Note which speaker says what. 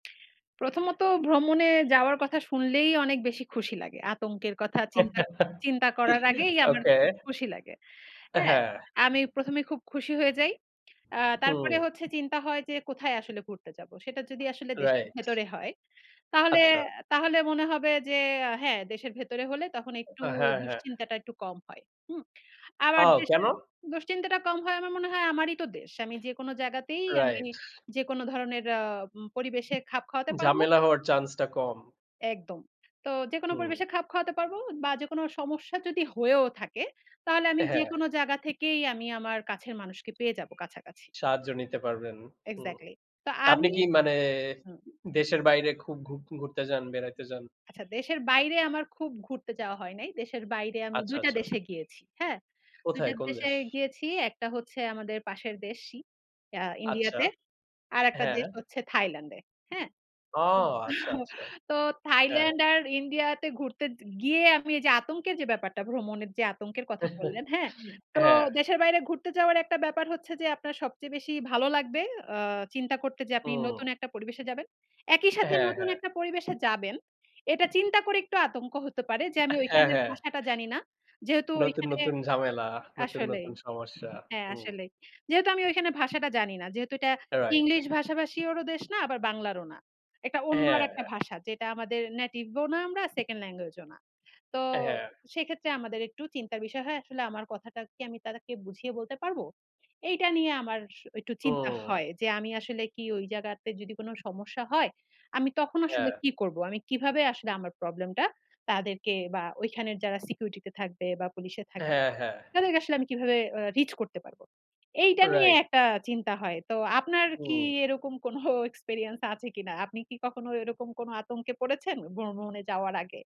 Speaker 1: প্রথমত ভ্রমণে যাওয়ার কথা শুনলেই অনেক বেশি খুশি লাগে। আতঙ্কের কথা চিন্তা চিন্তা করার আগেই আমার
Speaker 2: ওকে।
Speaker 1: খুব খুশি লাগে, হ্যাঁ?
Speaker 2: হ্যাঁ।
Speaker 1: আমি ১ম এ খুব খুশি হয়ে যাই। আ
Speaker 2: হুম।
Speaker 1: তারপরে হচ্ছে চিন্তা হয় যে কোথায় আসলে ঘুরতে যাব? সেটা যদি আসলে দেশের
Speaker 2: রাইট।
Speaker 1: ভেতরে হয়, তাহলে
Speaker 2: আচ্ছা।
Speaker 1: তাহলে মনে হবে যে হ্যাঁ দেশের ভেতরে হলে তখন একটু
Speaker 2: হ্যাঁ, হ্যাঁ।
Speaker 1: দুশ্চিন্তাটা একটু কম হয়। হুম? আবার
Speaker 2: আও কেন?
Speaker 1: দেশের দুশ্চিন্তাটা কম হয়, আমার মনে হয় আমারই তো দেশ। আমি যেকোনো জায়গাতেই আমি
Speaker 2: রাইট।
Speaker 1: যেকোনো ধরনের আ উম পরিবেশে খাপ খাওয়াতে পারব।
Speaker 2: ঝামেলা হওয়ার chance টা কম।
Speaker 1: একদম। তো যেকোনো
Speaker 2: হুম।
Speaker 1: পরিবেশে খাপ খাওয়াতে পারব বা যেকোনো সমস্যা যদি হয়েও থাকে, তাহলে আমি
Speaker 2: হ্যাঁ।
Speaker 1: যেকোনো জাগা থেকেই আমি আমার কাছের মানুষকে পেয়ে যাব কাছাকাছি।
Speaker 2: সাহায্য নিতে পারবেন। হুম।
Speaker 1: এক্স্যাক্টলি। তো
Speaker 2: আপনি
Speaker 1: আমি
Speaker 2: কি মানে
Speaker 1: হুম।
Speaker 2: উ দেশের বাইরে খুব ঘু ঘুরতে যান, বেড়াইতে যান?
Speaker 1: আচ্ছা দেশের বাইরে আমার খুব ঘুরতে যাওয়া হয় নাই। দেশের বাইরে আমি
Speaker 2: আচ্ছা,
Speaker 1: দুইটা
Speaker 2: আচ্ছা।
Speaker 1: দেশে গিয়েছি, হ্যাঁ? ২
Speaker 2: কোথায়?
Speaker 1: টা
Speaker 2: কোন
Speaker 1: দেশে
Speaker 2: দেশ?
Speaker 1: গিয়েছি। একটা হচ্ছে আমাদের পাশের দেশই আ
Speaker 2: আচ্ছা।
Speaker 1: ইন্ডিয়াতে। আরেকটা
Speaker 2: হ্যাঁ।
Speaker 1: দেশ হচ্ছে থাইল্যান্ডে, হ্যাঁ?
Speaker 2: ও
Speaker 1: উ
Speaker 2: আচ্ছা, আচ্ছা।
Speaker 1: তো
Speaker 2: হ্যাঁ।
Speaker 1: থাইল্যান্ড আর ইন্ডিয়াতে ঘুরতে য গিয়ে আমি এই যে আতঙ্কের যে ব্যাপারটা, ভ্রমণের যে আতঙ্কের কথা বললেন, হ্যাঁ? তো
Speaker 2: হ্যাঁ।
Speaker 1: দেশের বাইরে ঘুরতে যাওয়ার একটা ব্যাপার হচ্ছে যে, আপনার সবচেয়ে বেশি ভালো লাগবে আ চিন্তা করতে যে আপনি
Speaker 2: হুম।
Speaker 1: নতুন একটা পরিবেশে যাবেন। একই সাথে
Speaker 2: হ্যাঁ,
Speaker 1: নতুন
Speaker 2: হ্যাঁ।
Speaker 1: একটা পরিবেশে যাবেন, এটা চিন্তা করে একটু আতঙ্ক হতে পারে যে আমি
Speaker 2: হ্যাঁ,
Speaker 1: ওইখানের
Speaker 2: হ্যাঁ।
Speaker 1: ভাষাটা জানি না। যেহেতু
Speaker 2: নতুন,
Speaker 1: ওইখানে
Speaker 2: নতুন ঝামেলা, নতুন,
Speaker 1: আসলেই,
Speaker 2: নতুন সমস্যা।
Speaker 1: হ্যাঁ
Speaker 2: হুম।
Speaker 1: আসলেই। যেহেতু আমি ওইখানের ভাষাটা জানি না। যেহেতু এটা
Speaker 2: রাইট।
Speaker 1: ইংলিশ ভাষাভাষী এরও দেশ না আবার বাংলারও না। একটা অন্য
Speaker 2: হ্যাঁ,
Speaker 1: আরেকটা
Speaker 2: হ্যাঁ।
Speaker 1: ভাষা যেটা আমাদের Native ও না, আমরা Second Language ও না। তো
Speaker 2: হ্যাঁ।
Speaker 1: সেইক্ষেত্রে আমাদের একটু চিন্তার বিষয় হয় আসলে আমার কথাটা কি আমি তাদেরকে বুঝিয়ে বলতে পারব? এইটা নিয়ে আমার সু একটু চিন্তা
Speaker 2: হুম।
Speaker 1: হয়। যে আমি আসলে কি ওই জায়গাতে যদি কোন সমস্যা হয়, আমি তখন আসলে
Speaker 2: হ্যাঁ।
Speaker 1: কি করব? আমি কিভাবে আসলে আমার Problem টা তাদেরকে বা ওইখানের যারা Security তে থাকবে বা পুলিশে এ থাকবে
Speaker 2: হ্যাঁ, হ্যাঁ।
Speaker 1: তাদেরকে আসলে আমি কিভাবে আ Reach করতে পারব? এইটা নিয়ে
Speaker 2: রাইট।
Speaker 1: একটা চিন্তা হয়। তো আপনার কি
Speaker 2: হুম।
Speaker 1: এরকম কোন Experience আছে কিনা? আপনি কি কখনো এরকম কোন আতঙ্কে পড়েছেন ভ্রম ভ্রমণে যাওয়ার আগে?